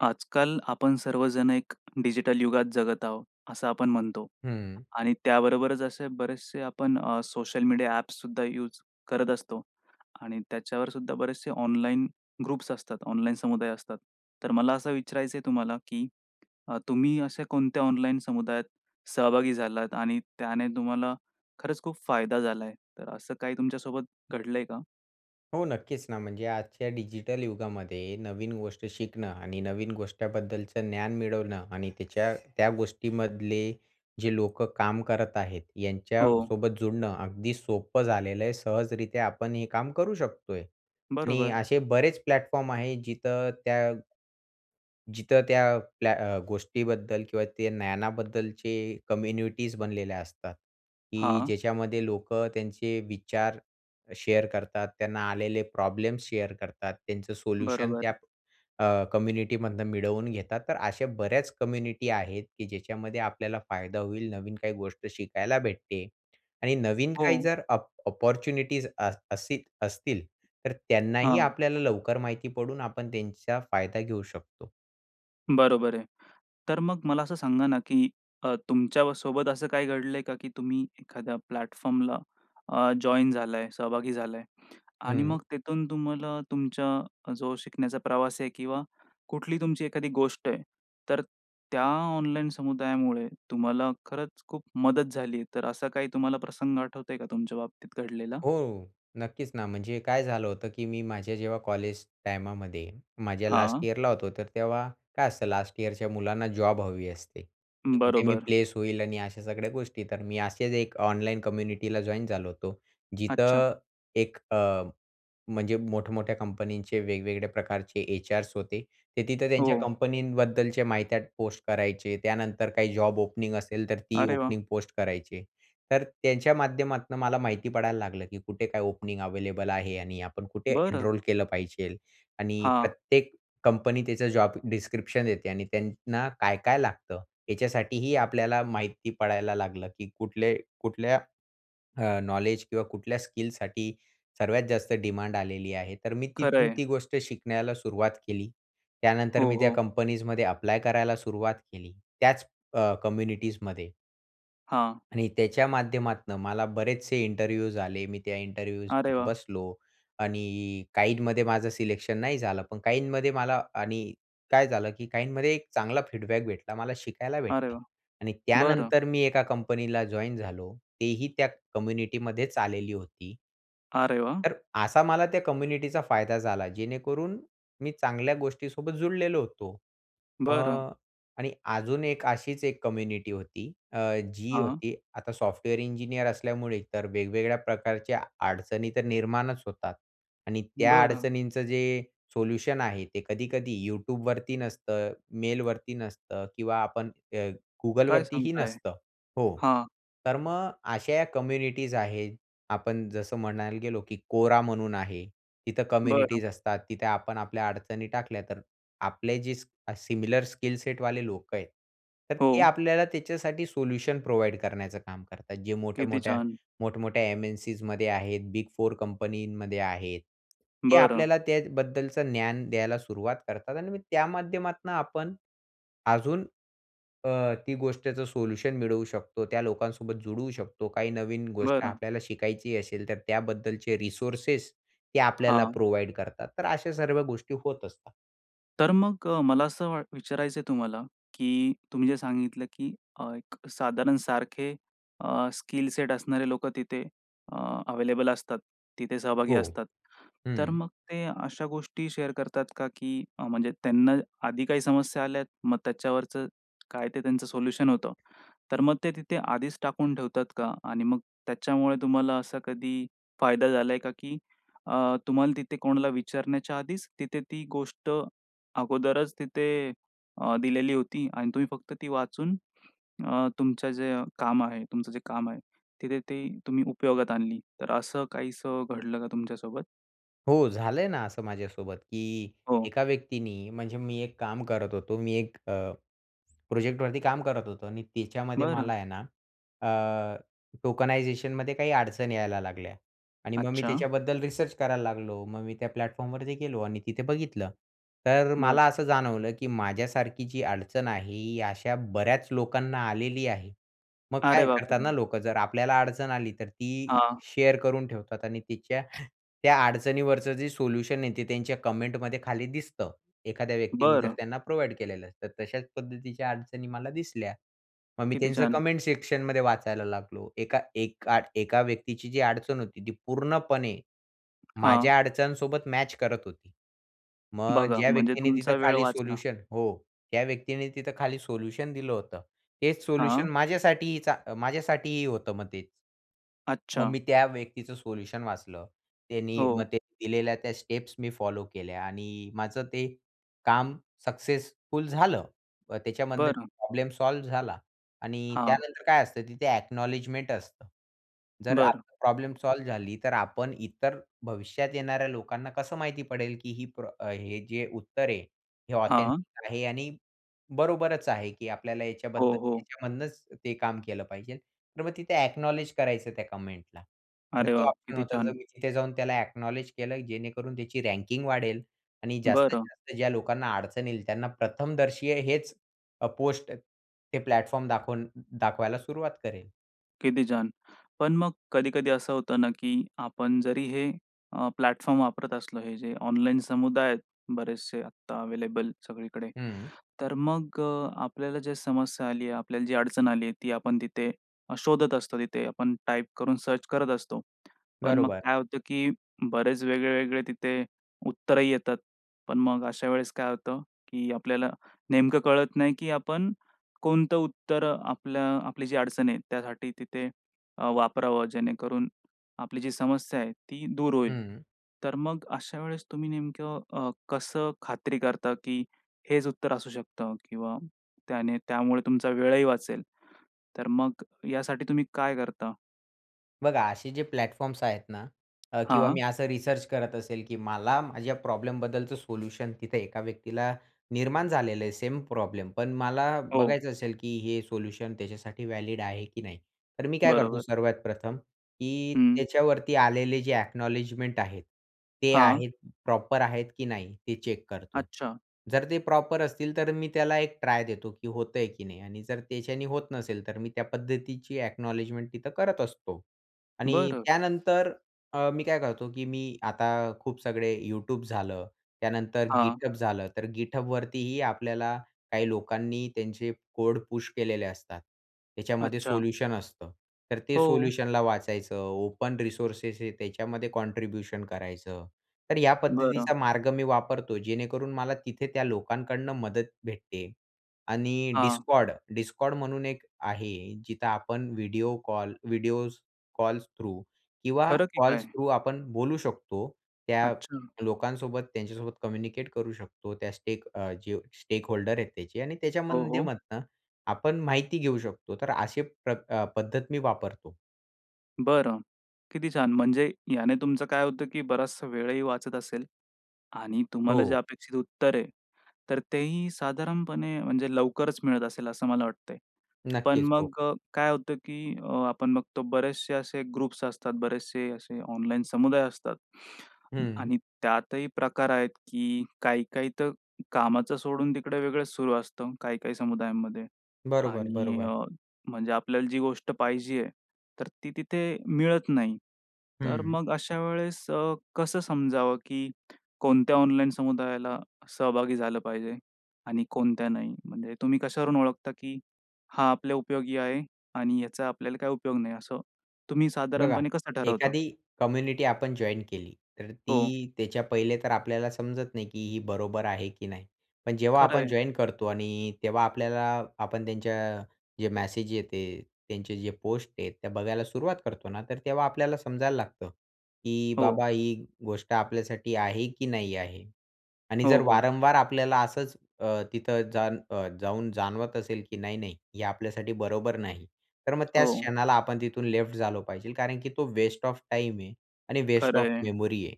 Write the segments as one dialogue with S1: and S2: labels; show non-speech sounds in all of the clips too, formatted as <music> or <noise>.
S1: आजकाल आपण सर्वजण एक डिजिटल युगात जगत आहोत, असं आपण म्हणतो.
S2: हं.
S1: आणि त्याबरोबरच असे बरेचसे आपण अ, सोशल मीडिया ॲप्ससुद्धा यूज करत असतो. आणि त्याच्यावरसुद्धा बरेचशे ऑनलाईन ग्रुप्स असतात, ऑनलाईन समुदाय असतात. तर मला असं विचारायचंय तुम्हाला की अ, तुम्ही अशा कोणत्या ऑनलाईन समुदायात सहभागी झालात आणि त्याने तुम्हाला खरंच खूप फायदा झालाय. तर असं काही तुमच्यासोबत घडलंय का?
S2: हो, नक्कीच ना. म्हणजे आजच्या डिजिटल युगामध्ये नवीन गोष्ट शिकणं आणि नवीन गोष्ट्याबद्दलचं ज्ञान मिळवणं आणि त्याच्या त्या गोष्टीमधले जे लोकं काम करत आहेत,
S1: हो.
S2: यांच्यासोबत जुडणं अगदी सोपं झालेलं आहे. सहजरित्या आपण हे काम करू शकतोय. आणि
S1: बरोबर.
S2: असे बरेच प्लॅटफॉर्म आहे जिथं त्या जिथं त्या प्ल्या अ, गोष्टीबद्दल किंवा ते ज्ञानाबद्दलचे कम्युनिटीज बनलेल्या असतात. की
S1: हां.
S2: ज्याच्यामध्ये लोकं त्यांचे विचार शेअर करतात, त्यांना आलेले प्रॉब्लेम्स शेअर करतात, त्यांचं सोल्युशन त्या
S1: बरोबर.
S2: अ, कम्युनिटीमधनं मिळवून घेतात. तर अशा बऱ्याच कम्युनिटी आहेत, की ज्याच्यामध्ये आपल्याला फायदा होईल, नवीन काही गोष्ट शिकायला भेटते. आणि नवीन
S1: हो.
S2: काही जर अप अपॉर्च्युनिटीज अस असती असतील तर त्यांनाही
S1: हां.
S2: आपल्याला लवकर माहिती पडून आपण त्यांचा फायदा घेऊ शकतो.
S1: बरोबर आहे. तर मग मला असं सांगा ना की अ, तुमच्यासोबत असं काही घडलंय का की तुम्ही एखाद्या प्लॅटफॉर्मला अ, जॉइन झालाय, सहभागी झालाय. आणि मग
S2: हं.
S1: तिथून तुम्हाला तुमच्या अ, जो शिकण्याचा प्रवास आहे किंवा कुठली तुमची एखादी गोष्ट आहे. तर त्या ऑनलाईन समुदायामुळे तुम्हाला खरंच खूप मदत झाली, तर असा काही तुम्हाला प्रसंग आठवतोय का तुमच्या बाबतीत घडलेला?
S2: हो, नक्कीच ना. म्हणजे काय झालं होतं की मी माझ्या जेव्हा कॉलेज टाइमामध्ये माझ्या लास्ट
S1: हां.
S2: इयरला होतो, तर तेव्हा काय असतं, लास्ट इयरच्या मुलांना जॉब हवी असते, कुठे मी
S1: बरोबर.
S2: प्लेस होईल आणि अशा सगळ्या गोष्टी. तर मी असेच एक ऑनलाईन कम्युनिटीला जॉइन झालो होतो, जिथे
S1: अच्छा.
S2: एक अ, म्हणजे मोठमोठ्या कंपनीचे वेगवेगळ्या प्रकारचे एचआर्स होते, ते तिथे त्यांच्या
S1: हो.
S2: कंपनींबद्दलची माहित्या पोस्ट करायचे. त्यानंतर काही जॉब ओपनिंग असेल, तर ती
S1: अरे वाह!
S2: ओपनिंग पोस्ट करायचे. तर त्यांच्या माध्यमातून मला माहिती पडायला लागलं की कुठे काय ओपनिंग अव्हेलेबल आहे आणि आपण कुठे
S1: बरं.
S2: एनरोल केलं पाहिजे. आणि
S1: हां.
S2: प्रत्येक कंपनी त्याचं जॉब डिस्क्रिप्शन देते आणि त्यांना काय-काय लागतं, याच्यासाठीही आपल्याला माहिती पडायला लागलं, की कुठले कुठल्या <swallows> अ, नॉलेज किंवा कुठल्या स्किल्ससाठी सर्वात जास्त डिमांड आलेली आहे. तर मी
S1: खरं
S2: तिथून
S1: आहे.
S2: ती गोष्ट शिकण्याला सुरुवात केली. त्यानंतर
S1: हो,
S2: मी त्या
S1: हो.
S2: कंपनीजमध्ये ॲप्लाय करायला सुरुवात केली, त्याच अ, कम्युनिटीजमध्ये.
S1: हां.
S2: आणि त्याच्या माध्यमातनं मला बरेचसे इंटरव्ह्यूज आले. मी त्या इंटरव्ह्यूज
S1: अरे
S2: मध्ये
S1: वाह!
S2: बसलो आणि काहींमध्ये माझं सिलेक्शन नाही झालं, पण काहींमध्ये मला आणि काय झालं, की काहींमध्ये एक चांगला फीडबॅक भेटला. मला शिकायला
S1: अरे
S2: भेटलं
S1: वाह!
S2: आणि
S1: बरं.
S2: त्यानंतर मी एका कंपनीला जॉइन झालो, तेही त्या कम्युनिटी मध्येच आलेली होती.
S1: अरे वाह!
S2: तर असा मला त्या कम्युनिटीचा फायदा झाला जेणेकरून मी चांगल्या गोष्टी सोबत जुळलेलो होतो.
S1: बरं.
S2: मग आणि अजून एक अशीच एक कम्युनिटी होती, अ, जी
S1: हां.
S2: होती आता सॉफ्टवेअर इंजिनिअर असल्यामुळे तर वेगवेगळ्या प्रकारच्या अडचणी तर निर्माणच होतात आणि त्या
S1: बरं.
S2: अडचणींचं जे सोल्युशन आहे, ते कधी-कधी YouTubeवरती नसतं, मेलवरती नसतं किंवा आपण अ,
S1: काय
S2: Googleवरतीही
S1: सांगताय?
S2: नसतं हो,
S1: हां.
S2: तर मग अश्या कम्युनिटीज आहेत आपण जसं म्हणायला गेलो, की Quora म्हणून आहे तिथं
S1: बरं.
S2: कम्युनिटीज असतात. तिथे आपण आपल्या अडचणी टाकल्या तर, आपले जे स सिमिलर स्किल सेट वाले लोक आहेत. तर ते
S1: हो.
S2: आपल्याला त्याच्यासाठी सोल्युशन प्रोव्हाईड करण्याचं काम करतात. जे
S1: किती
S2: मोठ्या-मोठ्या
S1: छान!
S2: मोठ-मोठ्या एम-एन-सीमध्ये आहेत, बिग फोर कंपनीमध्ये आहेत. ते
S1: बरं.
S2: आपल्याला त्याबद्दलचं ज्ञान द्यायला सुरुवात करतात आणि त्या माध्यमातनं आपण अजून, अ, ती गोष्टीचं सोल्युशन मिळवू शकतो, त्या लोकांसोबत जुडवू शकतो, काही नवीन गोष्ट
S1: बरं.
S2: आपल्याला शिकायची असेल तर त्याबद्दलचे रिसोर्सेस ते आपल्याला
S1: हां.
S2: प्रोव्हाईड करतात. तर अशा सर्व गोष्टी होत असतात.
S1: तर मग अ, मला असं वा विचारायचं आहे तुम्हाला, की तुम्ही जे सांगितलं, की अ, एक साधारण सारखे अ, स्किल सेट असणारे लोक तिथे अ, अवेलेबल असतात, तिथे सहभागी
S2: हो,
S1: असतात. तर
S2: हं.
S1: मग ते अशा गोष्टी शेअर करतात का, की म्हणजे त्यांना आधी काही समस्या आल्यात, मग त्याच्यावरचं काय ते त्यांचं सोल्युशन होतं? तर मग ते तिथे आधीच टाकून ठेवतात का? आणि मग त्याच्यामुळे तुम्हाला असा कधी फायदा झालाय का, की अ, तुम्हाला तिथे कोणाला विचारण्याच्या आधीच तिथे ती गोष्ट अगोदरच तिथे अ, दिलेली होती आणि तुम्ही फक्त ती वाचून अ, तुमचं जे काम आहे, तुमचं जे काम आहे तिथे ते तुम्ही उपयोगात आणली? तर असं काहीसं घडलं का तुमच्यासोबत?
S2: हो, झालंय ना असं माझ्यासोबत, की
S1: हो.
S2: एका व्यक्तीनी म्हणजे मी एक काम करत होतो मी एक अ, प्रोजेक्टवरती काम करत होतो आणि त्याच्यामध्ये मला
S1: बरं.
S2: आहे ना, अ, टोकनायझेशन मध्ये काही अडचणी यायला लागल्या आणि मग मी
S1: अच्छा.
S2: त्याच्याबद्दल रिसर्च करायला लागलो. मग मी त्या प्लॅटफॉर्मवरती गेलो आणि तिथे बघितलं, तर
S1: बरं.
S2: मला असं जाणवलं, की माझ्यासारखी जी अडचण आहे, ही अशा बऱ्याच लोकांना आलेली आहे. मग
S1: अरे
S2: काय करतात ना
S1: बापरे!
S2: लोक, जर आपल्याला अडचण आली तर ती
S1: हां.
S2: शेअर करून ठेवतात आणि तिच्या <breath> त्या अडचणीवरचं जे सोल्युशन आहे ते त्यांच्या कमेंटमध्ये खाली दिसतं. एखाद्या व्यक्तीने जर
S1: बरं.
S2: त्यांना प्रोव्हाईड केलेलं असतं तर तशाच पद्धतीच्या अडचणी मला दिसल्या. मग मी
S1: किती
S2: त्यांचं
S1: छान!
S2: कमेंट सेक्शन मध्ये वाचायला लागलो. एका एका एका व्यक्तीची जी अडचण होती ती पूर्णपणे
S1: हां.
S2: माझ्या अडचणीसोबत मॅच करत होती. मग
S1: बघा
S2: ज्या
S1: म्हणजे
S2: व्यक्तीने तिथं
S1: तुमचा वेळ
S2: खाली
S1: वाचला.
S2: सोल्युशन हो, त्या व्यक्तीने तिथं खाली सोल्युशन दिलं होतं. हेच सोल्युशन
S1: हां.
S2: माझ्यासाठीही चा माझ्यासाठीही होतं, मग तेच. मग
S1: अच्छा.
S2: मी त्या व्यक्तीचं सोल्युशन वाचलं. त्यांनी मग
S1: हो.
S2: त्यांनी दिलेल्या त्या स्टेप्स मी फॉलो केल्या आणि माझं ते काम सक्सेसफुल झालं. अ, त्याच्यामधनं
S1: बरं.
S2: प्रॉब्लेम सॉल्व्ह झाला आणि
S1: हां.
S2: त्यानंतर काय असतं तिथे अ‍ॅक्नॉलेजमेंट असतं. जर
S1: बरं.
S2: आपली प्रॉब्लेम सॉल्व्ह झाली तर आपण इतर भविष्यात येणाऱ्या लोकांना कसं माहिती पडेल? की ही प्रॉ हे जे उत्तर आहे, हे
S1: हां.
S2: ऑथेंटिक आहे आणि बरोबरच आहे, की आपल्याला याच्याबद्दल
S1: हो, हो.
S2: याच्यामधनंच ते काम केलं पाहिजे. तर मग तिथे अ‍ॅक्नॉलेज करायचं त्या कमेंट ला. तर
S1: अरे
S2: ते
S1: वाह!
S2: ऑप्शन
S1: किती
S2: होतं. जर
S1: छान!
S2: मी तिथे जाऊन त्याला अ‍ॅक्नॉलेज केलं, जेणेकरून त्याची रँकिंग वाढेल आणि
S1: बरं.
S2: जास्तीत-जास्त ज्या लोकांना अडचण येईल त्यांना प्रथमदर्शी हेच अ, पोस्ट ते प्लॅटफॉर्म दाखवून द दाखवायला सुरुवात करेल.
S1: किती छान! पण मग कधी-कधी असं होतं ना की आपण जरी हे अ, प्लॅटफॉर्म वापरत असलो हे जे ऑनलाईन समुदाय आहेत बरेचसे आत्ता अवेलेबल सगळीकडे.
S2: हं.
S1: तर मग आपल्याला जे समस्या आली आहे, आपल्याला जी अडचण आली आहे, ती आपण तिथे शोधत असतो तिथे आपण टाइप करून सर्च करत असतो. पण मग
S2: बरोबर.
S1: काय होतं, की बरेच वेगळे वेगळे तिथे उत्तरही येतात. पण मग अशा वेळेस काय होतं, की आपल्याला नेमकं कळत नाही, की आपण कोणतं उत्तर आपलं आपली जी अडचण आहे त्यासाठी तिथे अ, वापरावं जेणेकरून आपली जी समस्या आहे ती दूर होईल.
S2: हं.
S1: तर मग अशा वेळेस तुम्ही नेमकं अ, कसं खात्री करता, की हेच उत्तर असू शकतं किंवा त्याने त्यामुळे तुमचा वेळही वाचेल. तर मग ह्यासाठी तुम्ही काय करता?
S2: बघा असे जे प्लॅटफॉर्म्स आहेत ना अ, किंवा मी
S1: हां.
S2: असं रिसर्च करत असेल, की मला माझ्या प्रॉब्लेमबद्दलचं सोल्युशन, तिथं एका व्यक्तीला निर्माण झालेलं आहे सेम प्रॉब्लेम, पण मला
S1: हो.
S2: बघायचं असेल, की हे सोल्युशन त्याच्यासाठी व्हॅलिड आहे की नाही. तर मी काय करतो
S1: बरोबर.
S2: सर्वात प्रथम की
S1: हं.
S2: त्याच्यावरती आलेले जे अ‍ॅक्नॉलेजमेंट आहेत ते
S1: हां.
S2: आहेत प्रॉपर आहेत की नाही ते चेक करतो.
S1: अच्छा.
S2: जर ते प्रॉपर असतील तर मी त्याला एक ट्राय देतो, की होतंय की नाही आणि जर त्याच्याने होत नसेल तर मी त्या पद्धतीची अ‍ॅक्नॉलेजमेंट तिथं करत असतो. आणि
S1: बरं.
S2: त्यानंतर अ, मी काय करतो, की मी आता खूप सगळे Youtube झालं. त्यानंतर
S1: हां.
S2: GitHub झालं तर GitHubवरतीही आपल्याला काही लोकांनी त्यांचे कोड पुश केलेले असतात, त्याच्यामध्ये
S1: अच्छा.
S2: सोल्युशन असतं. तर ते
S1: हो.
S2: सोल्युशनला वाचायचं. ओपन रिसोर्सेस आहे त्याच्यामध्ये कॉन्ट्रिब्युशन करायचं. तर या
S1: बरं.
S2: पद्धतीचा मार्ग मी वापरतो, जेणेकरून मला तिथे त्या लोकांकडून मदत भेटते आणि
S1: हां.
S2: Discord, Discord म्हणून एक आहे जिथे आपण video call, video calls through किंवा
S1: खरं की
S2: कॉल्स
S1: काय?
S2: थ्रू आपण बोलू शकतो. त्या
S1: अच्छा.
S2: लोकांसोबत त्यांच्यासोबत कम्युनिकेट करू शकतो, त्या स्टेक अ, जो स्टेकहोल्डर आहेत त्याचे आणि त्याच्या
S1: हो, हो.
S2: माध्यमातनं आपण माहिती घेऊ शकतो तर अशी प्रकार पद्धत मी वापरतो.
S1: बरं. किती छान! म्हणजे याने तुमचं काय होतं, की बराचसा वेळही वाचत असेल आणि तुम्हाला जे
S2: हो.
S1: अपेक्षित उत्तर आहे, तर तेही साधारणपणे म्हणजे लवकरच मिळत असेल, असं मला वाटतंय. पण
S2: नक्कीच, हो.
S1: मग अ, काय होतं, की अ, आपण बघतो बरेचसे असे ग्रुप्स असतात, बरेचसे असे ऑनलाईन समुदाय असतात.
S2: हं.
S1: आणि त्यातही प्रकार आहेत, की काही-काही तर कामाचं सोडून तिकडे वेगळंच सुरू असतं काही-काही समुदायांमध्ये
S2: बरोबर,
S1: आणि
S2: बरोबर.
S1: अ, म्हणजे आपल्याला जी गोष्ट पाहिजे आहे, तर ती तिथे मिळत नाही. तर
S2: हं.
S1: मग अशा वेळेस अ, कसं समजावं, की कोणत्या ऑनलाईन समुदायाला सहभागी झालं पाहिजे आणि कोणत्या नाही? म्हणजे तुम्ही कशावरून ओळखता की "हा आपल्या उपयोगी आहे आणि याचा आपल्याला काही उपयोग नाही," असं तुम्ही
S2: बघा,
S1: साधारणपणे कसं ठरवता?
S2: एखादी कम्युनिटी आपण जॉइन्ड केली, तर
S1: हो.
S2: ती त्याच्या पहिले तर आपल्याला समजत नाही, की ही बरोबर आहे की नाही. पण जेव्हा
S1: खरं
S2: आपण
S1: आहे.
S2: जॉइन्ड करतो आणि तेव्हा आपल्याला आपण त्यांच्या जे मेसेज येत आहे, त्यांचे जे पोस्ट आहेत त्या बघायला सुरुवात करतो ना, तर तेव्हा आपल्याला समजायला लागतं, की
S1: हो.
S2: बाबा, ही गोष्ट आपल्यासाठी आहे की नाही आहे आणि
S1: हो,
S2: जर
S1: हो.
S2: वारंवार आपल्याला असंच अ, तिथं जाण अ, जाऊन जाणवत असेल की नाही-नाही, हे आपल्यासाठी बरोबर नाही. तर मग त्याच
S1: हो.
S2: क्षणाला आपण तिथून लेफ्ट झालो पाहिजे, कारण की तो वेस्ट ऑफ टाइम आहे आणि वेस्ट ऑफ
S1: खरं आहे.
S2: मेमरी आहे.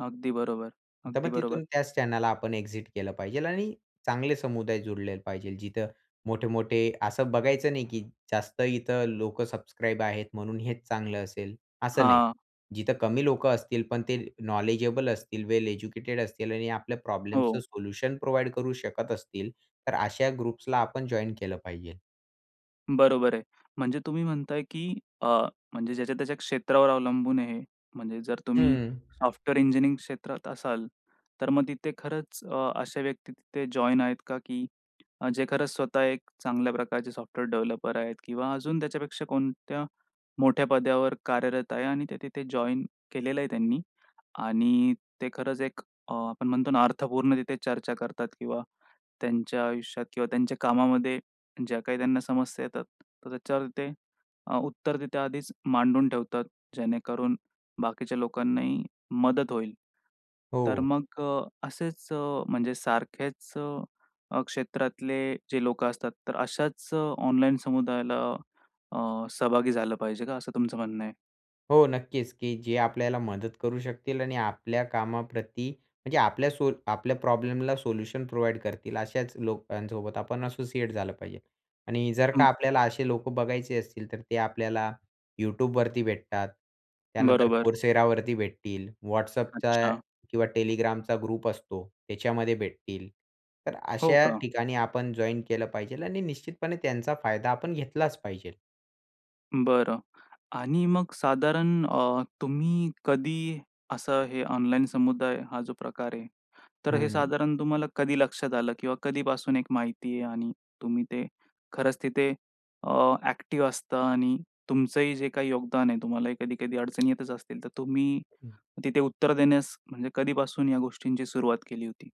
S1: अगदी बरोबर,
S2: तर मग
S1: अगदी
S2: तिथून
S1: बरोबर.
S2: त्याच क्षणाला आपण एक्झिट केलं पाहिजेल आणि चांगले समुदाय जोडलेले पाहिजे. जिथे मोठे-मोठे असं बघायचं नाही, की जास्त इथे लोक सबस्क्राईब आहेत म्हणून हेच चांगलं असेल, असं नाही.
S1: हां.
S2: जिथे कमी लोक असतील पण ते नॉलेजेबल असतील, वेल एज्युकेटेड असतील आणि आपल्या प्रॉब्लेम्सचं
S1: हो.
S2: सोल्युशन प्रोव्हाइड करू शकत असतील, तर अशा ग्रुप्सला आपण जॉइन केलं पाहिजे.
S1: बरोबर आहे. म्हणजे तुम्ही म्हणताय, की अ, म्हणजे ज्याच्या त्याच्या क्षेत्रावर अवलंबून आहे, म्हणजे जर तुम्ही
S2: हं.
S1: सॉफ्टवेअर इंजिनिअरिंग क्षेत्रात असाल, तर मग तिथे खरंच अ, अशा व्यक्ती तिथे जॉइन आहेत का, की जे खरंच स्वतः एक चांगल्या प्रकारचे सॉफ्टवेअर डेव्हलपर आहेत किंवा अजून त्याच्यापेक्षा कोणत्या मोठ्या पदावर कार्यरत आहे आणि ते तिथे जॉइन केलेलं आहे त्यांनी आणि ते खरंच एक अ, आपण म्हणतो ना, अर्थपूर्ण तिथे चर्चा करतात किंवा त्यांच्या आयुष्यात किंवा त्यांच्या कामामध्ये ज्या काही त्यांना समस्या येतात, तर त्याच्यावर ते अ, उत्तर तिथे आधीच मांडून ठेवतात, जेणेकरून बाकीच्या लोकांनाही मदत होईल. तर
S2: हो.
S1: मग अ, असेच अ, म्हणजे सारखेच अ, क्षेत्रातले जे लोकं असतात, तर अशाच अ, ऑनलाईन समुदायाला अ, सहभागी झालं पाहिजे का? असं तुमचं म्हणणं आहे?
S2: हो. नक्कीच की जे आपल्याला मदत करू शकतील आणि आपल्या कामाप्रती म्हणजे आपल्या सो आपल्या प्रॉब्लेमला सोल्युशन प्रोव्हाईड करतील अशाच लोकांसोबत आपण असोसिएट झालं पाहिजे. आणि जर का
S1: हं.
S2: आपल्याला असे लोकं बघायचे असतील तर ते आपल्याला YouTube वरती भेटतात, त्यानंतर
S1: बरोबर.
S2: Coursera वरती भेटतील, WhatAppचा
S1: अच्छा.
S2: किंवा Telegramचा ग्रुप असतो त्याच्यामध्ये भेटतील. तर
S1: हो.
S2: अशा
S1: का?
S2: ठिकाणी आपण जॉइन केलं पाहिजे आणि निश्चितपणे त्यांचा फायदा आपण घेतलाच पाहिजे.
S1: बरं. आणि मग साधारण अ, तुम्ही कधी असं हे ऑनलाईन समुदाय हा जो प्रकार आहे. तर
S2: हं.
S1: हे
S2: हं.
S1: साधारण तुम्हाला कधी लक्षात आलं किंवा कधीपासून एक माहिती आहे आणि तुम्ही ते खरंच तिथे अ, एक्टिव्ह असतं आणि तुमचंही जे काही योगदान आहे तुम्हाला कधी-कधी अडचणी येतच असतील. तर तुम्ही तिथे उत्तर देण्यास म्हणजे कधीपासून या गोष्टींची सुरुवात केली होती?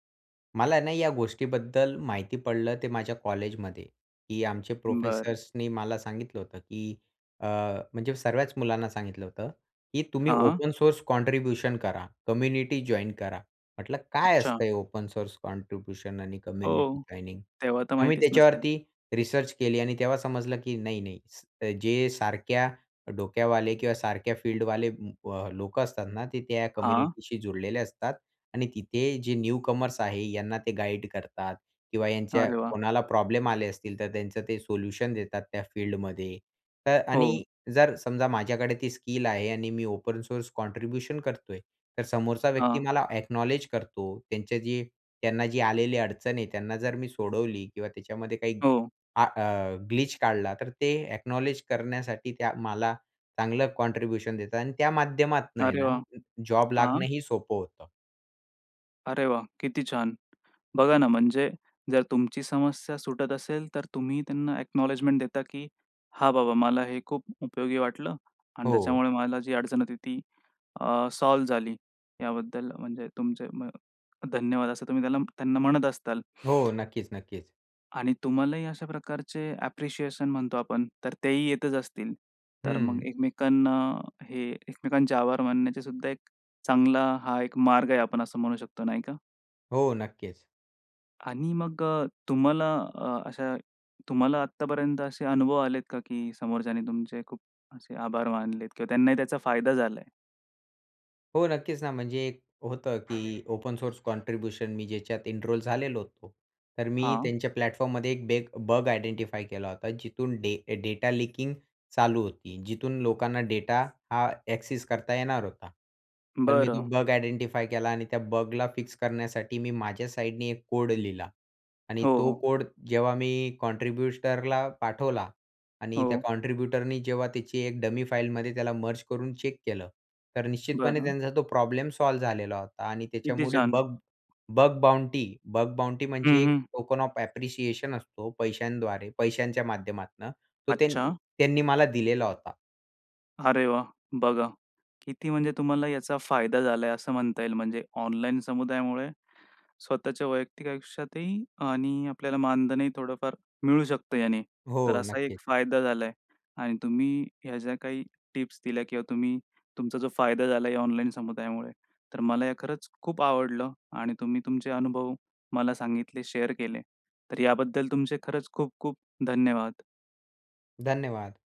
S2: मला ना या गोष्टीबद्दल माहिती पडलं ते माझ्या कॉलेजमध्ये की आमचे
S1: बरं.
S2: प्रोफेसर्सनी मला सांगितलं होतं की अ, म्हणजे सर्वच मुलांना सांगितलं होतं की तुम्ही
S1: हां.
S2: ओपन सोर्स कॉन्ट्रिब्युशन करा. कम्युनिटी जॉइन करा. म्हंटलं "काय
S1: अच्छा.
S2: असतं हे ओपन सोर्स कॉन्ट्रिब्युशन आणि कम्युनिटी
S1: हो.
S2: जॉइनिंग?"
S1: तेव्हा तर
S2: आम्ही
S1: माहितीच नसेल?
S2: त्याच्यावरती रिसर्च केली आणि तेव्हा समजलं की नाही, नाही जे सारख्या डोक्यावाले किंवा सारख्या फील्डवाले अ, लोक असतात ना, ते त्या
S1: हां.
S2: कम्युनिटीशी जोडलेले असतात. आणि तिथे जे न्यूकमर्स आहे यांना ते गाईड करतात किंवा ह्यांच्या
S1: अरे वाह!
S2: कोणाला प्रॉब्लेम आले असतील तर त्यांचं ते सोल्युशन देतात त्या फील्डमध्ये. तर
S1: हो.
S2: आणि जर समजा माझ्याकडे ती स्किल आहे आणि मी ओपन सोर्स कॉन्ट्रिब्युशन करतोय तर समोरचा व्यक्ती
S1: हां.
S2: मला अ‍ॅक्नॉलेज करतो, त्यांचे जे त्यांना जी आलेली अडचण आहे त्यांना जर मी सोडवली किंवा त्याच्यामध्ये काही
S1: हो.
S2: आ अ ग्लिच काढला तर ते अ‍ॅक्नॉलेज करण्यासाठी त्या मला चांगलं कॉन्ट्रिब्युशन देतात आणि त्या माध्यमातनं आहे
S1: अरे
S2: ना
S1: वाह!
S2: जॉब
S1: हां.
S2: लागणंही सोपं होतं.
S1: अरे, वाह! किती छान! बघा ना, म्हणजे जर तुमची समस्या सुटत असेल, तर तुम्ही त्यांना अ‍ॅक्नॉलेजमेंट देता, की "हा बाबा, मला हे खूप उपयोगी वाटलं आणि
S2: हो.
S1: त्याच्यामुळे मला जी अडचण होती ती अ, सॉल्व्ह झाली." याबद्दल म्हणजे तुमचे म धन्यवाद, असं तुम्ही त्याला त्यांना म्हणत असाल.
S2: हो, नक्कीच, नक्कीच.
S1: आणि तुम्हालाही अशा प्रकारचे अ‍ॅप्रिशिएशन म्हणतो आपण, तर तेही येतच असतील. तर मग
S2: हं.
S1: एकमेकांना हे एकमेकांचे आभार मानायचे, सुद्धा एक चांगला हा एक मार्ग आहे, आपण असं म्हणू शकतो नाही का?
S2: हो, नक्कीच.
S1: आणि मग अ, तुम्हाला अ, अशा तुम्हाला आत्तापर्यंत असे अनुभव आलेत का, की समोरच्याने तुमचे खूप असे आभार मानलेत किंवा त्यांनाही त्याचा फायदा झाला आहे?
S2: हो, नक्कीच ना. म्हणजे, एक होतं की ओपन सोर्स कॉन्ट्रिब्युशन मी ज्याच्यात एनरोल झालेलो होतो. तर मी
S1: हां.
S2: त्यांच्या प्लॅटफॉर्ममध्ये एक बेग बग आइडेंटिफाई केला होता, जिथून डे डेटा लीकिंग चालू होती. जिथून लोकांना डेटा हा अ‍ॅक्सेस करता येणार होता, पण मी तो
S1: बरं.
S2: बग आइडेंटिफाई केला आणि त्या बगला फिक्स करण्यासाठी मी माझ्या साईडने एक कोड लिहिला आणि
S1: हो,
S2: तो
S1: हो.
S2: कोड जेव्हा मी कॉन्ट्रिब्युटरला पाठवला आणि त्या
S1: हो.
S2: कॉन्ट्रिब्युटरनी जेव्हा त्याची एक डमी फाईलमध्ये त्याला मर्ज करून चेक केलं, तर निश्चितपणे
S1: बरं.
S2: त्यांचा तो प्रॉब्लेम सॉल्व्ह झालेला होता. आणि
S1: किती
S2: त्याच्यामुळे
S1: छान!
S2: बग बग बाउंटी बग बाउंटी म्हणजे
S1: हं,
S2: एक
S1: हं.
S2: टोकन ऑफ अ‍ॅप्रेसिएशन असतो पैशांद्वारे, पैशांच्या माध्यमातनं तो त्यान
S1: अच्छा.
S2: त्यांनी मला दिलेला होता.
S1: अरे, वाह! बघा, किती म्हणजे तुम्हाला याचा फायदा झाला आहे, असं म्हणता येईल. म्हणजे ऑनलाईन समुदायामुळे स्वतःच्या वैयक्तिक आयुष्यातही आणि आपल्याला मानधनही थोडंफार मिळू शकतं याने. तर
S2: हो,
S1: असा एक
S2: नक्कीच.
S1: फायदा झाला आहे आणि तुम्ही ह्या ज्या काही टिप्स दिल्या किंवा तुम्ही तुमचा जो फायदा झालाय या ऑनलाईन समुदायामुळे, तर मला हे खरंच खूप आवडलं आणि तुम्ही तुमचे अनुभव मला सांगितले. शेअर केले. तर याबद्दल तुमचे खरंच खूप खूप धन्यवाद!
S2: धन्यवाद!